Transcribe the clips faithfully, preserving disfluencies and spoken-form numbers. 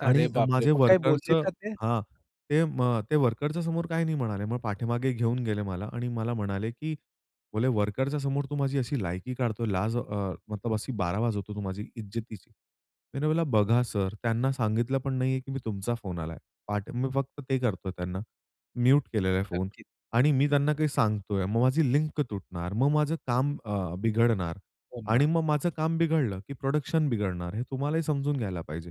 अरे, आणि अ, बापरे! माझे मग काय वर्करच बोलले का ते? हां, ते म ते वर्करच्या समोर काही नाही म्हणाले. मग पाठीमागे घेऊन गेले मला आणि मला म्हणाले की बोलले, "वर्करच्या समोर तू माझी अशी लायकी काढतोय लाज अ, मतलब अशी बार वाजवतो तू माझी इज्जतीची." त्यांना म्हणल, "बघा सर, त्यांना सांगितलं पण नाहीये की मी तुमचा फोन आलाय. [unintelligible] मी फक्त ते करतोय त्यांना म्यूट केलेला आहे फोन नक्कीच. आणि मी त्यांना काही सांगतोय. मग माझी लिंक तुटणार. मग माझं काम अ, बिघडणार हो आणि ना. मग माझं काम बिघडलं की प्रोडक्शन बिघडणार हे तुम्हालाही समजून घ्यायला पाहिजे."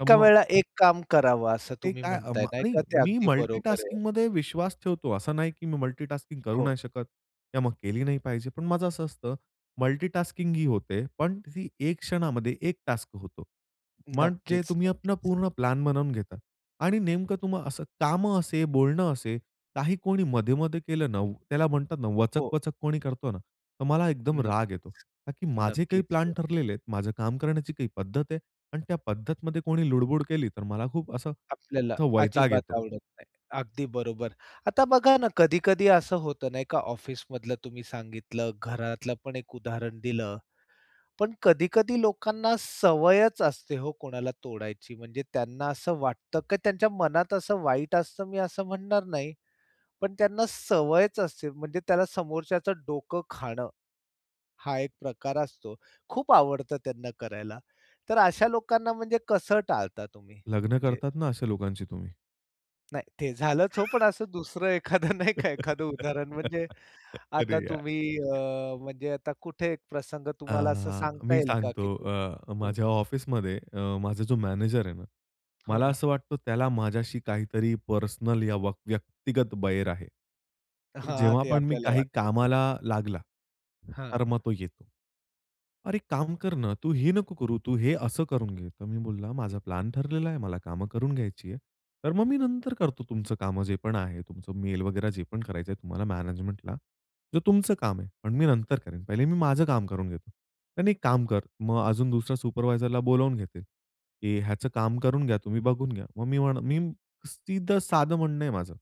तर मग वेळेला एक काम करावं, असं ते तुम्ही काय अ, म्हणताय म नाही का? नाही ते मी अगदी बरोबर आहे. मल्टीटास्किंगमध्ये विश्वास ठेवतो असं नाही की मी मल्टीटास्किंग करू हो. नाही शकत किंवा मग केली नाही पाहिजे. पण माझं असं असतं मल्टीटास्किंग ही होते. पण ती एक क्षणामध्ये एक टास्क होतो. मग जे नक्कीच, तुम्ही नक्कीच. आपण पूर्ण प्लॅन बनवून घेता आणि नेमकं तुम्हाला असं काम असेल, बोलणं असेल, काही कोणी मध्ये-मध्ये केलं ना, त्याला म्हणतात ना हो. वचक-वचक कोणी करतो ना, तर मला एकदम राग येतो. नक्कीच, का की माझे काही नक्कीच. प्लॅन हो. ठरलेले आहेत, माझं काम करण्याची काही पद्धत आहे अन् त्या पद्धतीमध्ये कोणी लुडबुड केली तर मला खूप असं आपल्याला असं वैताग अजिबात येतो. आवडत नाही. अगदी बरोबर. आता बघा ना, कधी-कधी असं होतं नाही का, ऑफिसमधलं तुम्ही सांगितलं, घरातलं पण एक उदाहरण दिलं. पण कधी-कधी लोकांना सवयच असते हो, कोणाला तोडायची म्हणजे त्यांना असं वाटतं, की त्यांच्या मनात असं वाईट असतं मी असं म्हणणार नाही. पण त्यांना सवयच असते म्हणजे त्याला समोरच्याचं डोकं खाणं, हा एक प्रकार असतो. खूप आवडतं त्यांना करायला. तर अशा लोकांना म्हणजे कसं टाळता तुम्ही लग्न म्हणजे? करतात ना अशा लोकांशी तुम्ही. नाही ते झालंच हो, पण असं दुसरं एखादं नाही का एखादं उदाहरण म्हणजे अरे! आता यार. तुम्ही अ, म्हणजे आता कुठे एक प्रसंग तुम्हाला असं हां. सांगता मी येईल का? सांगतो की. अ, हं. माझ्या ऑफिसमध्ये अ, माझा जो मॅनेजर आहे ना. हो मला ना. असं वाटतं, त्याला माझ्याशी काहीतरी पर्सनल या व्यक्त व्यक्तिगत वैर आहे. पण हां. जेव्हा ते पण मी आपल्याला काही वाटतं. [unintelligible] कामाला लागला. हां. तर मग तो येतो. "अरे, एक काम कर ना, तू ही नको करू, तू हे असं करून घे." तर मी बोलला, हं. "माझा प्लॅन ठरलेला आहे, मला कामं करून घ्यायची आहे. तर मग मी नंतर करतो, तुमचं काम जे पण आहे तुमचं मेल वगेरे जे पण करायचं आहे तुम्हाला मॅनेजमेंटला. जो तुमचं काम आहे, पण मी नंतर करेन. पहिले मी माझं काम करून घेतो." नाही, नाही एक काम कर. मग अजून दुसऱ्या सुपरवायझरला बोलावून घेतील की, "ह्याचं काम करून घ्या, तुम्ही बघून घ्या." मग मी मी सिधे साद म्हणणं आहे माझं.